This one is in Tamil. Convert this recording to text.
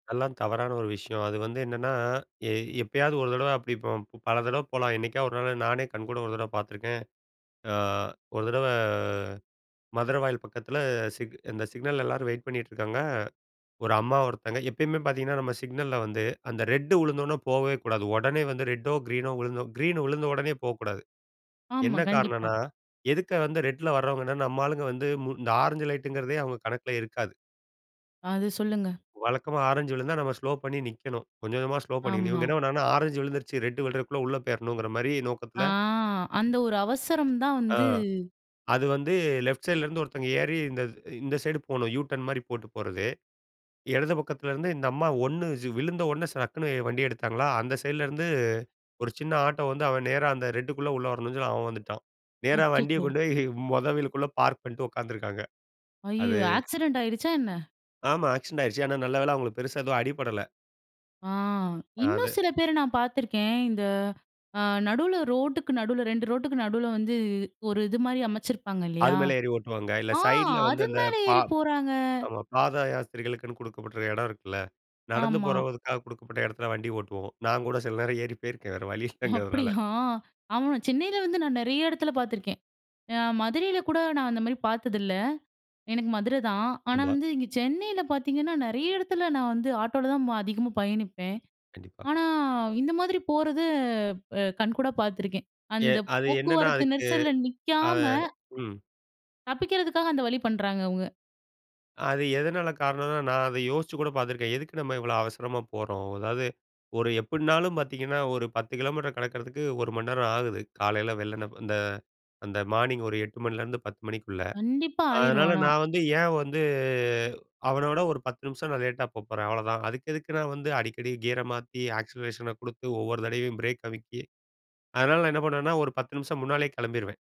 அதெல்லாம் தவறான ஒரு விஷயம். அது வந்து என்னன்னா எ எப்பயாவது ஒரு தடவை அப்படி போ பல தடவை போலாம். என்னைக்காவது ஒரு நாள் நானே கண்கூட ஒரு தடவை பார்த்துருக்கேன். அ ஒரு தடவ மதுரவாயல் பக்கத்தில் சிக் அந்த சிக்னல்ல எல்லாரும் வெயிட் பண்ணிகிட்டுருக்காங்க. ஒரு அம்மா ஒருத்தவங்க எப்பயுமே பார்த்தீங்கன்னா நம்ம சிக்னல்ல வந்து அந்த ரெட் விழுந்தோனே போவே கூடாது. உடனே வந்து ரெட்டோ கிரீனோ விழுந்தோ கிரீன் விழுந்த உடனே போக்கூடாது. ஆமா. என்ன கண்டிப்பா. காரணம்ன்னா, எதுக்கு வந்து ரெட்ல வர்றவங்கன்னா நம்ம ஆளுங்க வந்து மு இந்த ஆரஞ்சு லைட்ங்கிறதே அவங்க கணக்கில இருக்காது. அது சொல்லுங்க. வழக்கமா ஆரஞ்சு விழுந்தா நம்ம ஸ்லோ பண்ணி நிக்கணும். கொஞ்சம் கொஞ்சமா ஸ்லோ பண்ணிக்கணும். ஆமா. இவங்க என்ன பண்ணாங்கன்னா ஆரஞ்சு விழுந்துருச்சு ரெட் விழுறதுக்குள்ள உள்ள போயிராணுங்கற மாரி ஆ நோக்கத்தில அந்த ஒரு அவசரம் தான் ஆ வந்து அது வந்து லெஃப்ட் சைட்லேருந்து ஒருத்தவங்க ஏறி இந்த இந்த சைடு போணும். யூ டர்ன் மாரி போட்டு போறது இடது பக்கத்துலேருந்து இந்த அம்மா ஒண்ணு விழுந்த உடனே சடக்குன்னு வண்டிய எடுத்தாங்களா, அந்த சைடிலேருந்து ஒரு சின்ன ஆட்டோ வந்து அவன் நேரா அந்த ரெட்டுக்குள்ள உள்ள வரணுன்னு சொல்லி அவன் வந்துட்டான். நேரா வண்டிய அச்சச்சோ! கொண்டு போய் மொத வீலுக்குள்ள பார்க் பண்ணிட்டு உட்காந்துருக்காங்க. அது அய்யயோ ஆக்சிடென்ட் ஆயிடுச்சா என்ன? ஆமா. ஆக்சிடென்ட் ஆயிடுச்சு. ஆனா நல்ல வேல அவங்களுக்கு பெருசா எதுவும் அடிபடல. ஆ அ இன்னும் அது. சில பேர நான் பார்த்திருக்கேன். இந்த அ நடுவுல ரோட்டுக்கு நடுவுல 2 ரோட்டுக்கு நடுவுல வந்து ஒரு இது மாதிரி அமைச்சிருப்பாங்க அது இல்லையா, மேல ஏறி ஓட்டுவாங்க. இல்ல ஆ சைட்ல வந்து அது அந்த மேல பா ஏறி போறாங்க. ஆமா பாத யாஸ்திரிகளுக்குன்னு கொடுக்கப்படுற இடம் இருக்குல்ல. நடந்து ஆமா. போறவதுக்காக கொடுக்கப்பட்ட இடத்துல வண்டி ஓட்டுவோம். நான் கூட சில நேரம் ஏறி போயிருக்கேன் வேற வழி இல்லைங்கிறதுனால. அப்படியா. ஆமா சென்னையில வந்து நான் நிறைய இடத்துல பார்த்துருக்கேன். அ மதுரையில கூட நான் அந்த மாதிரி பாத்ததில்ல எனக்கு மதுரை தான். ஆனா ஆமா. வந்து இங்க சென்னையில பார்த்தீங்கன்னா, நிறைய இடத்துல நான் வந்து ஆட்டோவில தான் வ அதிகமா பயணிப்பேன். கண்டிப்பா. ஆனா இந்த மாதிரி போறது அ கண்கூடா பார்த்துருக்கேன். எ அந்த அது என்னன்னா போக்குவரத்து அதுக்கு நெரிசல்ல அது நிக்காம. ம். தப்பிக்கிறதுக்காக அந்த வழி பண்றாங்க அவங்க. அது எதனால காரணம்னா, நான் அதை யோசிச்சு கூட பார்த்துருக்கேன், "எதுக்கு நம்ம இவ்வளோ அவசரமா போறோம்?" அதாவது ஒரு எப்படினாலும் பார்த்தீங்கன்னா ஒரு 10 கிலோமீட்டர் கடக்கிறதுக்கு 1 மணி நேரம் ஆகுது காலையில வெள்ளண்ணை அந்த அந்த மார்னிங் ஒரு 8:00 மணிலேருந்து 10:00 மணிக்குள்ள. கண்டிப்பா ஆயிரும் அதனால ஆனா. நான் வந்து ஏன் வந்து அவன விட ஒரு 10 நிமிஷம் நான் லேட்டா போகப்போறேன் அவ்ளோதான். அதுக்கு எதுக்கு நான் வந்து அடிக்கடி கியரை மாத்தி ஆக்சிலரேஷனை கொடுத்து ஒவ்வொரு தடவையும் பிரேக் அமுக்கி அதனால நான் என்ன பண்ணுவேன்னா, ஒரு 10 நிமிஷம் முன்னாலயே கிளம்பிடுவேன்.